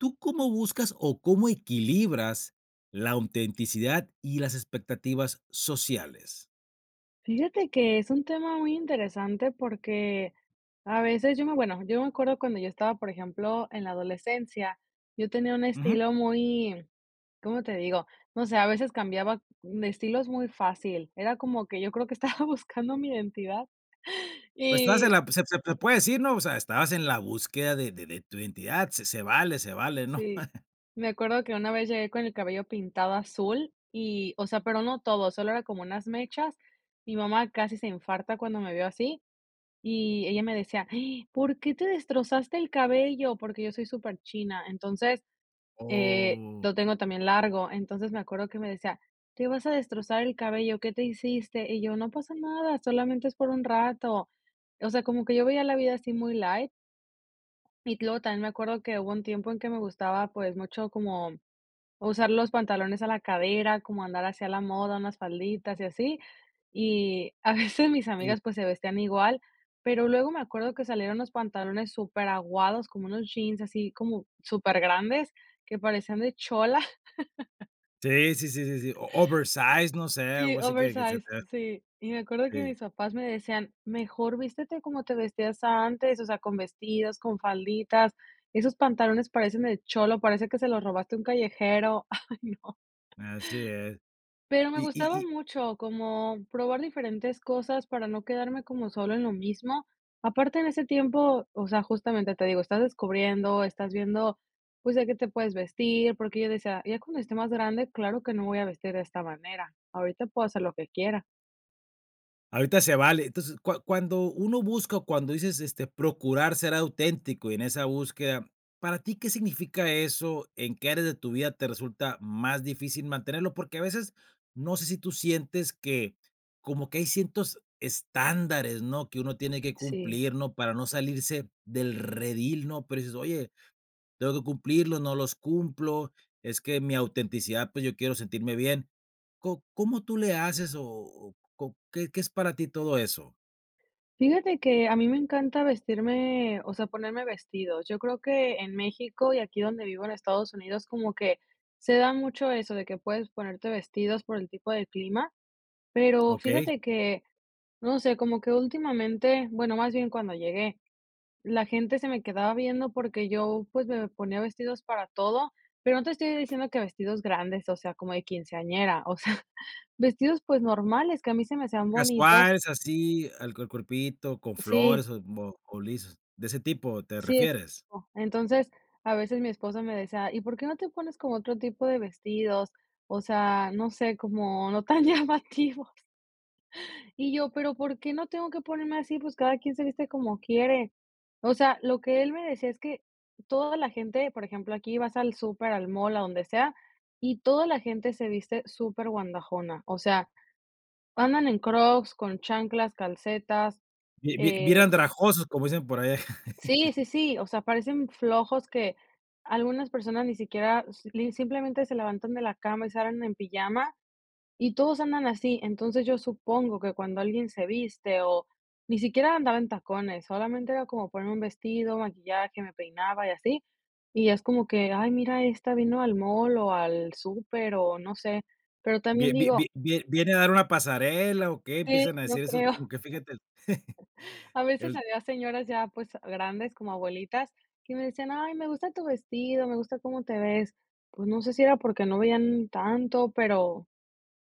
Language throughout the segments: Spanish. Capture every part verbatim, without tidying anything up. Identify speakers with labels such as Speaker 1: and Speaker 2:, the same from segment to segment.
Speaker 1: ¿Tú cómo buscas, o, cómo equilibras la autenticidad y las expectativas sociales?
Speaker 2: Fíjate que es un tema muy interesante porque a veces yo me bueno, yo me acuerdo cuando yo estaba, por ejemplo, en la adolescencia, yo tenía un
Speaker 1: Ujú.
Speaker 2: estilo muy, ¿cómo te digo? No sé, a veces cambiaba de estilos muy fácil. Era como que yo creo que estaba buscando mi identidad
Speaker 1: Pues, estabas en
Speaker 2: y
Speaker 1: la pues, se se puede decir, ¿no? O sea, estabas en la búsqueda de de de tu identidad, se se vale se vale, ¿no?
Speaker 2: Sí, me acuerdo que una vez llegué con el cabello pintado azul y o sea, pero no todo, solo era como unas mechas. Mi mamá casi se infarta cuando me vio así, y ella me decía: "Ay, ¿por qué te destrozaste el cabello?". Porque yo soy superchina, entonces, eh,
Speaker 1: Oh.
Speaker 2: lo tengo también largo. Entonces, me acuerdo que me decía: "¿Te vas a destrozar el cabello, qué te hiciste?". Y yo: "No pasa nada, solamente es por un rato". O sea, como que yo veía la vida así muy light. Y luego también me acuerdo que hubo un tiempo en que me gustaba, pues, mucho como usar los pantalones a la cadera, como andar así a la moda, unas falditas y así. Y a veces mis
Speaker 1: Y
Speaker 2: amigas, pues, se vestían igual. Pero, luego me acuerdo que salieron unos pantalones superaguados, como unos jeans así como supergrandes que parecían de chola.
Speaker 1: Sí, sí, sí, sí, oversize, no sé,
Speaker 2: Sí,
Speaker 1: algo así que se te
Speaker 2: oversize,
Speaker 1: vea.
Speaker 2: sí. Y me acuerdo que
Speaker 1: Sí.
Speaker 2: mis papás me decían: "Mejor vístete como te vestías antes, o sea, con vestidos, con falditas. Esos pantalones parecen de cholo, parece que se los robaste a un callejero". Ay, no.
Speaker 1: Así es,
Speaker 2: Pero, me
Speaker 1: y y
Speaker 2: gustaba
Speaker 1: y
Speaker 2: mucho como, probar diferentes cosas para no quedarme como solo en lo mismo. Aparte en ese tiempo, o sea, justamente, te digo, estás descubriendo, estás viendo, pues, de qué te puedes vestir, porque yo decía: "Ya cuando esté más grande, claro que no voy a vestir de esta manera. Ahorita puedo hacer lo que quiera".
Speaker 1: Ahorita se vale, entonces, cua cuando uno busca, o, cuando dices, este, procurar ser auténtico y en esa búsqueda, ¿para ti qué significa eso? ¿En qué áreas de tu vida te resulta más difícil mantenerlo? Porque a veces, no sé si tú sientes que, como que hay ciertos estándares, ¿no?, que uno tiene que
Speaker 2: Sí.
Speaker 1: cumplir, ¿no?, para no salirse del redil, ¿no? Pero dices, oye, tengo que cumplirlos, no los cumplo, es que mi autenticidad, pues, yo quiero sentirme bien, ¿có cómo tú le haces, o o có qué qué es para ti todo eso?
Speaker 2: Fíjate que a mí me encanta vestirme, o sea, ponerme vestidos. Yo creo que en México y aquí donde vivo en Estados Unidos como que se da mucho eso, de que puedes ponerte vestidos por el tipo de clima, pero
Speaker 1: Okey.
Speaker 2: fíjate que, no sé, como que últimamente, bueno, más bien cuando llegué, la gente se me quedaba viendo porque yo, pues, me ponía vestidos para todo, pero no te estoy diciendo que vestidos grandes, o sea, como de quinceañera, o sea, vestidos, pues, normales, que a mí se me hacían bonitos.
Speaker 1: Casuales así al cuer cuerpito con
Speaker 2: Sí.
Speaker 1: flores, o como, o lisos de ese tipo, ¿te
Speaker 2: Sí, ese
Speaker 1: refieres?
Speaker 2: tipo, entonces, a veces mi esposo me decía: "¿Y por qué no te pones como otro tipo de vestidos?", o sea, no sé, como no tan llamativos. Y yo: "¿pero por qué no tengo que ponerme así?, pues cada quien se viste como quiere". O sea, lo que él me decía es que toda la gente, por ejemplo, aquí vas al súper, al mall, a donde sea, y toda la gente se viste superguandajona. O sea, andan en Crocs, con chanclas, calcetas,
Speaker 1: Bi bi bien
Speaker 2: eh
Speaker 1: andrajosos como dicen por allá.
Speaker 2: Sí, sí, sí, o sea, parecen flojos que algunas personas ni siquiera, s li simplemente se levantan de la cama y salen en pijama, y todos andan así. Entonces, yo supongo que cuando alguien se viste o, ni siquiera andaba en tacones, solamente era como ponerme un vestido, maquillaje, me peinaba y así, y es como que: "Ay mira, esta vino al mall o al súper o no sé", pero
Speaker 1: ¿Vi
Speaker 2: también
Speaker 1: vi vi
Speaker 2: digo
Speaker 1: vi viene a dar una pasarela o qué?,
Speaker 2: Sí,
Speaker 1: empiezan a
Speaker 2: yo
Speaker 1: decir eso es
Speaker 2: creo.
Speaker 1: como que fíjate el
Speaker 2: e A veces
Speaker 1: el
Speaker 2: había señoras ya, pues, grandes, como abuelitas, que me decían: "Ay, me gusta tu vestido, me gusta cómo te ves". Pues, no sé si era porque no veían tanto, pero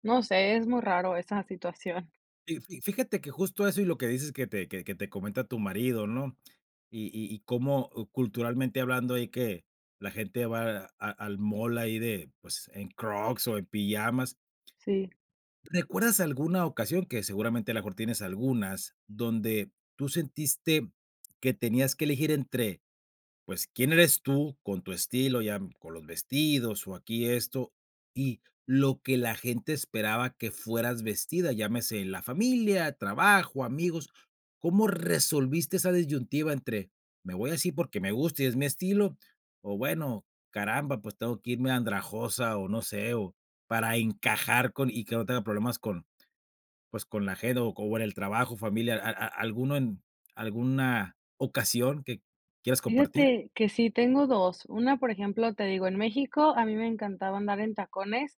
Speaker 2: no sé, es muy raro esa situación.
Speaker 1: Fi fi fíjate que justo eso y lo que dices que te, que que te comenta tu marido ¿no?, y y y como, o culturalmente hablando, ahí que, la gente va a al mall ahí de, pues, en Crocs o en pijamas.
Speaker 2: Sí.
Speaker 1: ¿Recuerdas alguna ocasión que seguramente a lo mejor tienes algunas, donde tú sentiste que tenías que elegir entre, pues, quién eres tú con tu estilo, ya con los vestidos o aquí esto, y lo que la gente esperaba que fueras vestida, llámese, la familia, trabajo, amigos, ¿cómo resolviste esa disyuntiva entre, me voy así porque me gusta y es mi estilo?, o bueno, caramba, pues, tengo que irme andrajosa o no sé, o para encajar con, y que no tenga problemas con, pues, con la GEDO o con el trabajo, familia, a a a alguno en, alguna ocasión que quieras compartir.
Speaker 2: Fíjate que sí tengo dos. Una, por ejemplo, te digo, en México a mí me encantaba andar en tacones,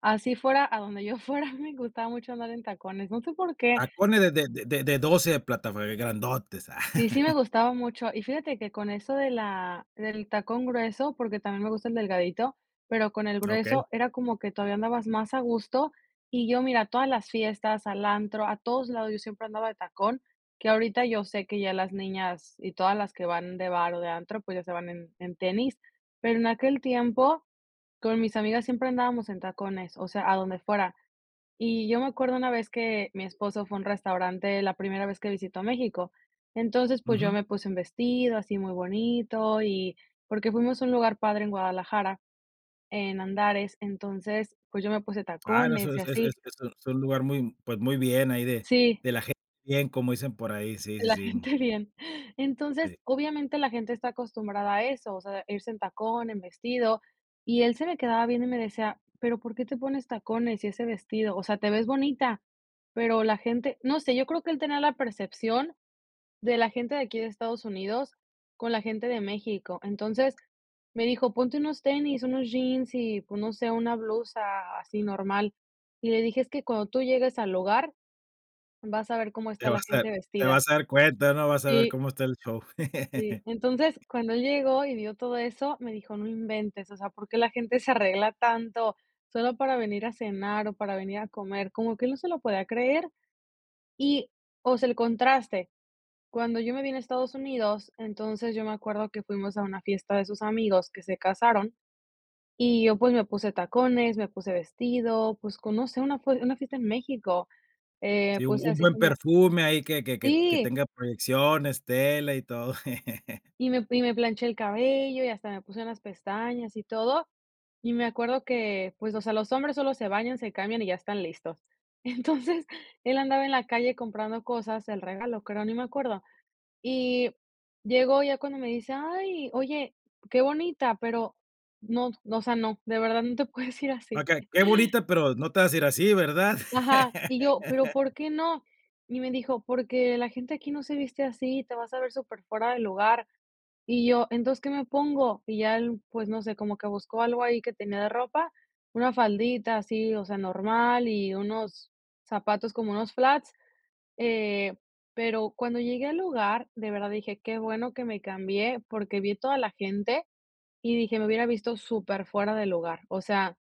Speaker 2: así fuera a donde yo fuera, me gustaba mucho andar en tacones. No sé por qué.
Speaker 1: Tacones de de de de doce de plataforma, grandotes, ah.
Speaker 2: Sí, sí me gustaba mucho y fíjate que con eso de la del tacón grueso porque también me gusta el delgadito, pero, con el
Speaker 1: Okey.
Speaker 2: grueso era como que todavía andabas más a gusto y yo mira, todas las fiestas, al antro, a todos lados yo siempre andaba de tacón, que ahorita yo sé que ya las niñas y todas las que van de bar o de antro, pues ya se van en en tenis. Pero en aquel tiempo, con mis amigas siempre andábamos en tacones, o sea, a donde fuera. Y yo me acuerdo una vez que mi esposo fue a un restaurante la primera vez que visito México. Entonces, pues yo
Speaker 1: Ujú.
Speaker 2: me puse un vestido así muy bonito y porque fuimos a un lugar padre en Guadalajara, en Andares. Entonces, pues yo me puse
Speaker 1: Ah, no, eso
Speaker 2: tacones y
Speaker 1: es es
Speaker 2: así.
Speaker 1: es un lugar muy, pues, muy bien ahí de
Speaker 2: Sí.
Speaker 1: de la gente bien como dicen por ahí, sí,
Speaker 2: De
Speaker 1: sí,
Speaker 2: la
Speaker 1: sí.
Speaker 2: gente bien.
Speaker 1: Sí.
Speaker 2: Entonces, obviamente, la gente está acostumbrada a eso, o sea, irse en tacón, en vestido, y él se me quedaba viendo y me decía: "¿Pero por qué te pones tacones y ese vestido?, o sea, te ves bonita, pero la gente". No sé, yo creo que el tener la percepción, de la gente de aquí de Estados Unidos, con la gente de México. Entonces, me dijo: "Ponte unos tenis, unos jeans y, pues, no sé, una blusa así normal". Y le dije: "Es que cuando tú llegues al lugar, vas a ver cómo
Speaker 1: Te
Speaker 2: está la
Speaker 1: vas a
Speaker 2: gente
Speaker 1: te
Speaker 2: vestida".
Speaker 1: vas a dar cuenta, ¿no?, vas a ver
Speaker 2: Sí.
Speaker 1: cómo está el show.
Speaker 2: Y, entonces, cuando él llegó y vio todo eso, me dijo: "No inventes, o sea, ¿por qué la gente se arregla tanto solo para venir a cenar o para venir a comer?", como que él no se lo podía creer. Y, o sea, el contraste. Cuando yo me vine a Estados Unidos, entonces, yo me acuerdo que fuimos a una fiesta de sus amigos que se casaron y yo, pues, me puse tacones, me puse vestido, pues, conoce una f una fiesta en México, eh,
Speaker 1: Sí, un
Speaker 2: pues,
Speaker 1: un
Speaker 2: así
Speaker 1: buen
Speaker 2: como
Speaker 1: perfume ahí que que que
Speaker 2: Sí.
Speaker 1: tenga proyecciones, tela, y todo.
Speaker 2: Y me y me planché el cabello y hasta me puse unas pestañas y todo. Y me acuerdo que, pues, o sea, los hombres solo se bañan, se cambian y ya están listos. Entonces, él andaba en la calle comprando cosas, el regalo, creo, ni me acuerdo. Y llegó ya cuando me dice: "Ay, oye, qué bonita, pero no, o sea, no, de verdad no te puedes ir así".
Speaker 1: Okey, que bonita, pero, no te vas a ir así, ¿verdad?
Speaker 2: Ajá. Y yo, pero, ¿por qué no?, y me dijo: "Porque la gente aquí no se viste así, te vas a ver superfuera del lugar". Y yo: "Entonces, ¿qué me pongo?, y ya él, pues, no sé, como que buscó algo ahí que tenía de ropa, una faldita así, o sea, normal y unos zapatos como unos flats, eh, pero, cuando llegué al lugar, de verdad dije: "Qué bueno que me cambié", porque vi toda la gente y dije:"Me hubiera visto superfuera de lugar". O sea,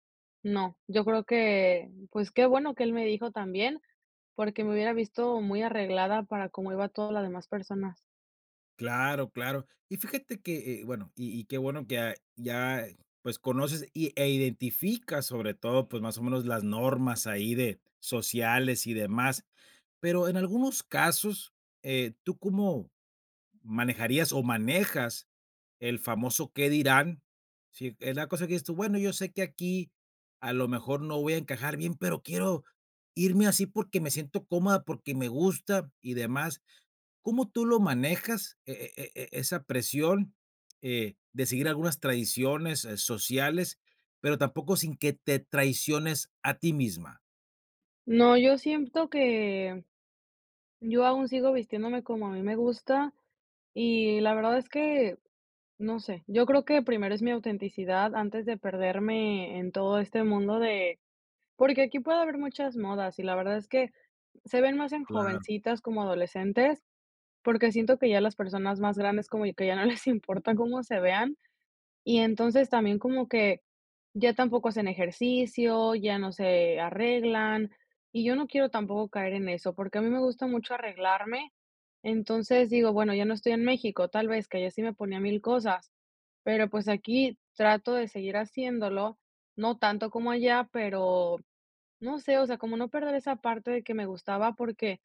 Speaker 2: no, yo creo que, pues, qué bueno que él me dijo también, porque me hubiera visto muy arreglada para cómo iba toda las demás personas.
Speaker 1: Claro, claro. Y fíjate que, eh, bueno, y y qué bueno que, ah, ya, eh, pues, conoces y e identificas, sobre todo, pues, más o menos, las normas ahí de sociales y demás. Pero en algunos casos, eh, ¿tú cómo manejarías o manejas el famoso qué dirán?, si es la cosa que dices tú: "Bueno, yo sé que aquí a lo mejor no voy a encajar bien, pero, quiero irme así porque me siento cómoda, porque me gusta y demás", ¿cómo tú lo manejas e e e e esa presión, eh, de seguir algunas tradiciones, eh, sociales, pero tampoco sin que te traiciones a ti misma?
Speaker 2: No, yo siento que yo aún sigo vistiéndome como a mí me gusta, y la verdad es que, no sé, yo creo que primero es mi autenticidad, antes de perderme en todo este mundo de porque aquí puede haber muchas modas y la verdad es que, se ven más en
Speaker 1: Claro.
Speaker 2: jovencitas como adolescentes, porque siento que ya las personas más grandes como yo, que ya no les importa cómo se vean, y entonces, también como que ya tampoco hacen ejercicio, ya no se arreglan. Y yo no quiero tampoco caer en eso, porque a mí me gusta mucho arreglarme. Entonces, digo, bueno, ya no estoy en México, tal vez, que ya sí me ponía mil cosas. Pero, pues, aquí trato de seguir haciéndolo, no tanto como allá, pero, no sé, o sea, como no perder esa parte de que me gustaba, porque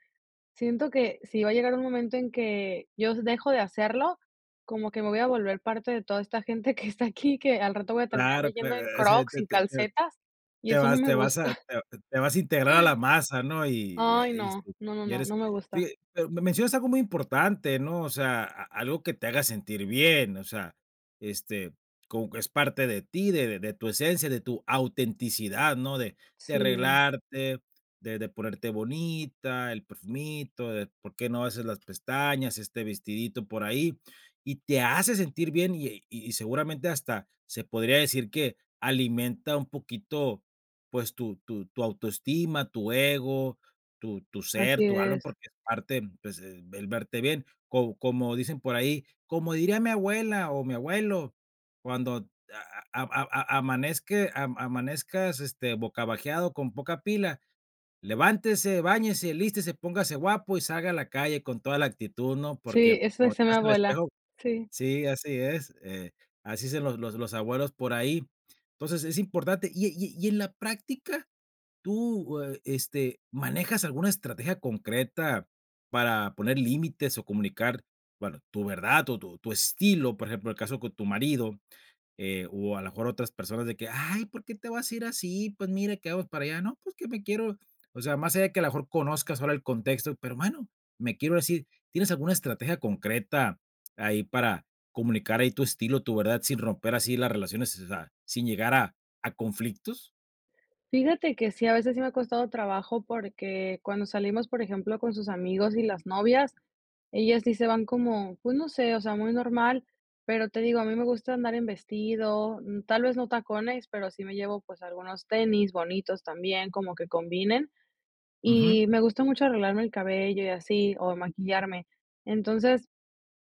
Speaker 2: siento que si va a llegar un momento en que, yo dejo de hacerlo, como que me voy a volver parte de toda esta gente que está aquí, que al rato voy a terminar
Speaker 1: Claro,
Speaker 2: de yendo
Speaker 1: claro,
Speaker 2: en
Speaker 1: e ese
Speaker 2: Crocs, y
Speaker 1: te
Speaker 2: en
Speaker 1: te te
Speaker 2: calcetas, y
Speaker 1: te
Speaker 2: eso no
Speaker 1: vas
Speaker 2: me
Speaker 1: te vas a
Speaker 2: gusta.
Speaker 1: te vas a integrar a la masa, ¿no?, y y
Speaker 2: Ay no,
Speaker 1: este,
Speaker 2: no, no,
Speaker 1: y
Speaker 2: no,
Speaker 1: eres,
Speaker 2: no me
Speaker 1: fi
Speaker 2: gusta.
Speaker 1: pero me mencionas algo muy importante, ¿no?, o sea, a algo que te haga sentir bien, o sea, este, como que es parte de ti, de de tu esencia, de tu autenticidad, ¿no?, de de
Speaker 2: Sí.
Speaker 1: arreglarte, de de ponerte bonita, el perfumito, de por qué no haces las pestañas, este vestidito por ahí, y te hace sentir bien, y y seguramente, hasta se podría decir que alimenta un poquito, pues, tu tu tu autoestima, tu ego, tu tu ser,
Speaker 2: Así
Speaker 1: tu alma
Speaker 2: es.
Speaker 1: porque es parte, pues, el verte bien. Co como dicen por ahí: "Como diría mi abuela o mi abuelo, cuando a a a a a amanezque am amanezcas este bocabajeado con poca pila. Levántese, báñese, alístese, póngase guapo y salga a la calle con toda la actitud", ¿no?, porque
Speaker 2: Sí, eso
Speaker 1: cuando te
Speaker 2: decía mi
Speaker 1: veas al
Speaker 2: abuela.
Speaker 1: espejo
Speaker 2: Sí.
Speaker 1: sí, así es, eh, así dicen los los los abuelos por ahí. Entonces, es importante y y y en la práctica, ¿tú, e este manejas alguna estrategia concreta para poner límites o comunicar, bueno, tu verdad o tu tu estilo?, por ejemplo, el caso con tu marido, eh, o a lo mejor otras personas de que, ay, ¿por qué te vas a ir así?, pues, mire, que vamos para allá, no, pues que me quiero, o sea, más allá de que a lo mejor conozcas ahora el contexto, pero bueno, me quiero ir así, ¿tienes alguna estrategia concreta ahí para, comunicar ahí tu estilo, tu verdad, sin romper así las relaciones, o sea, sin llegar a a conflictos?
Speaker 2: Fíjate que sí, a veces sí me ha costado trabajo porque cuando salimos, por ejemplo, con sus amigos y las novias, ellas sí se van como, pues, no sé, o sea, muy normal. Pero te digo, a mí me gusta andar en vestido, mm, tal vez no tacones, pero sí me llevo, pues, algunos tenis bonitos también, como que combinen,
Speaker 1: Ujú.
Speaker 2: y me gusta mucho arreglarme el cabello y así, o, maquillarme. Entonces,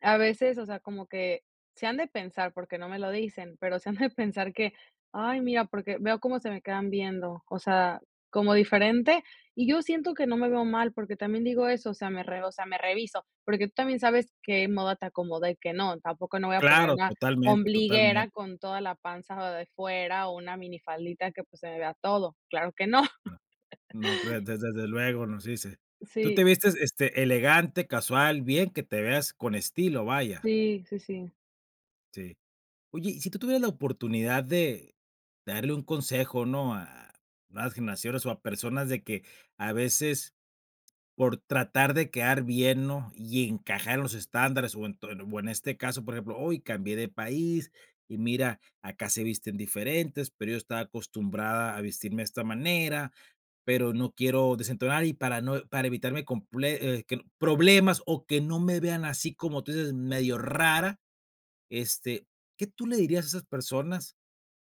Speaker 2: a veces, o sea, como que si han de pensar porque no me lo dicen, pero se han de pensar de que: "Ay, mira", porque veo cómo se me quedan viendo, o sea, como diferente. Y yo siento que no me veo mal, porque también digo eso, o sea, me re o sea, me reviso, porque tú también sabes qué moda te acomoda y qué no, tampoco no voy a poner
Speaker 1: Claro,
Speaker 2: una
Speaker 1: totalmente, totalmente.
Speaker 2: ombliguera con toda la panza de fuera, o, una minifaldita que, pues, se me vea todo. Claro que no.
Speaker 1: No, no creo, des des desde luego nos dice. ¿Tú te
Speaker 2: Sí.
Speaker 1: vistes este elegante, casual, bien que te veas con estilo, vaya?
Speaker 2: Sí, sí, sí.
Speaker 1: Sí. Oye, y si tú tuvieras la oportunidad de darle un consejo, ¿no? A nuevas generaciones, o, a personas de que a veces por tratar de quedar bien, ¿no? Y encajar en los estándares, o, ento o, en este caso, por ejemplo, hoy cambié de país y mira, acá se visten diferentes, pero yo estaba acostumbrada a vestirme de esta manera, pero no quiero desentonar, y para no para evitarme comple eh, que, problemas, o, que no me vean así como tú dices medio rara, este, ¿qué tú le dirías a esas personas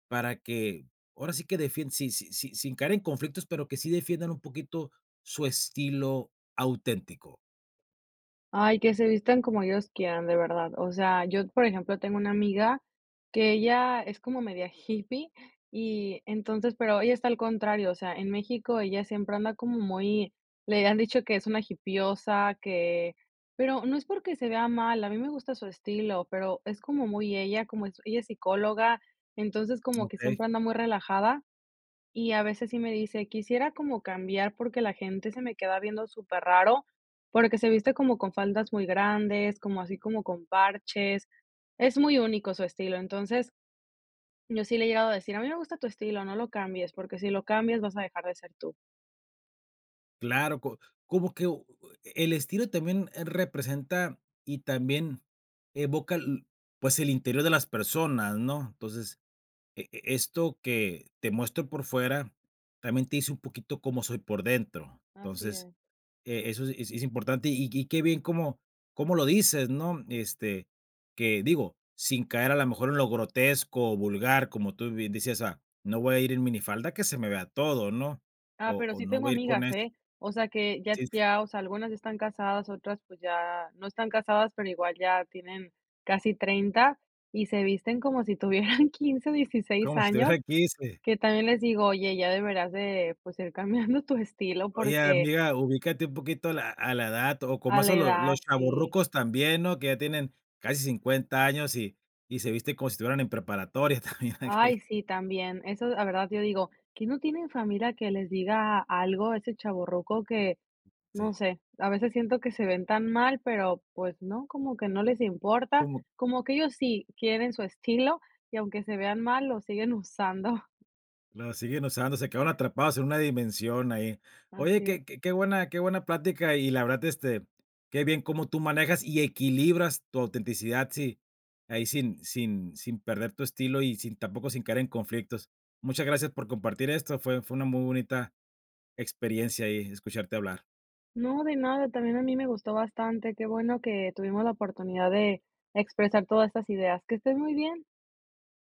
Speaker 1: para que ahora sí que defienden sin sin sin sin caer en conflictos, pero, que sí defiendan un poquito su estilo auténtico?
Speaker 2: Ay, que se vistan como ellos quieran, de verdad. O sea, yo, por ejemplo, tengo una amiga que ella es como media hippie, y entonces pero ella está al contrario, o sea, en México ella siempre anda como muy le han dicho que es una hippiosa, que pero no es porque se vea mal, a mí me gusta su estilo, pero. es como muy ella, como ella es psicóloga, entonces como que
Speaker 1: Okey.
Speaker 2: siempre anda muy relajada, y a veces sí me dice: "Quisiera como cambiar porque la gente se me queda viendo superraro", porque se viste como con faldas muy grandes, como así como con parches. Es muy único su estilo. Entonces, yo sí le he llegado a decir: "A mí me gusta tu estilo, no lo cambies, porque si lo cambias vas a dejar de ser tú".
Speaker 1: Claro co como que, u eh, el estilo también representa y también evoca, lo pues, el interior de las personas, ¿no? Entonces, e esto que te muestro por fuera también te dice un poquito cómo soy por dentro.
Speaker 2: Así
Speaker 1: Entonces,
Speaker 2: es.
Speaker 1: e eso es es importante, y y qué bien cómo cómo lo dices, ¿no? Este, que digo, sin caer a lo mejor en lo grotesco, o vulgar, como tú bien decías, ah, no voy a ir en minifalda que se me vea todo, ¿no?
Speaker 2: Ah,
Speaker 1: O
Speaker 2: pero
Speaker 1: o
Speaker 2: sí
Speaker 1: no
Speaker 2: tengo
Speaker 1: voy a ir con
Speaker 2: amigas,
Speaker 1: es
Speaker 2: eh, o sea, que ya
Speaker 1: Sí.
Speaker 2: ya, o sea, algunas ya están casadas otras, pues, ya no están casadas, pero igual ya tienen casi treinta, y se visten como si tuvieran quince o dieciséis
Speaker 1: Cómo si tuviera
Speaker 2: años,
Speaker 1: quince.
Speaker 2: que también les digo: "Oye, ya deberás de, pues, ir cambiando tu estilo
Speaker 1: Oye,
Speaker 2: porque"
Speaker 1: amiga, ubícate un poquito a la a la edad, o, como
Speaker 2: A la
Speaker 1: eso lo los
Speaker 2: edad, sí.
Speaker 1: chavorrucos también, ¿no? Que ya tienen casi cincuenta años, y y se viste como si estuvieran en preparatoria también.
Speaker 2: Ay, sí también eso la verdad yo digo: "¿Quién no tiene familia que les diga algo?". Ese chavorruco que,
Speaker 1: Sí.
Speaker 2: no sé, a veces siento que se ven tan mal, pero, pues, no como que no les importa
Speaker 1: Cómo.
Speaker 2: como que ellos sí quieren su estilo, y aunque se vean mal, lo siguen usando.
Speaker 1: La siguen usando, se quedaron atrapados en una dimensión ahí. Oye,
Speaker 2: Así es.
Speaker 1: que que buena que buena plática y la verdad, este, qué bien cómo tú manejas, y equilibras tu autenticidad, si ahí, sin sin sin perder tu estilo, y sin tampoco sin caer en conflictos. Muchas gracias por compartir esto, fue fue una muy bonita experiencia ahí escucharte hablar.
Speaker 2: No, de nada, también a mí me gustó bastante, qué bueno que tuvimos la oportunidad de expresar todas estas ideas. Que estés muy bien.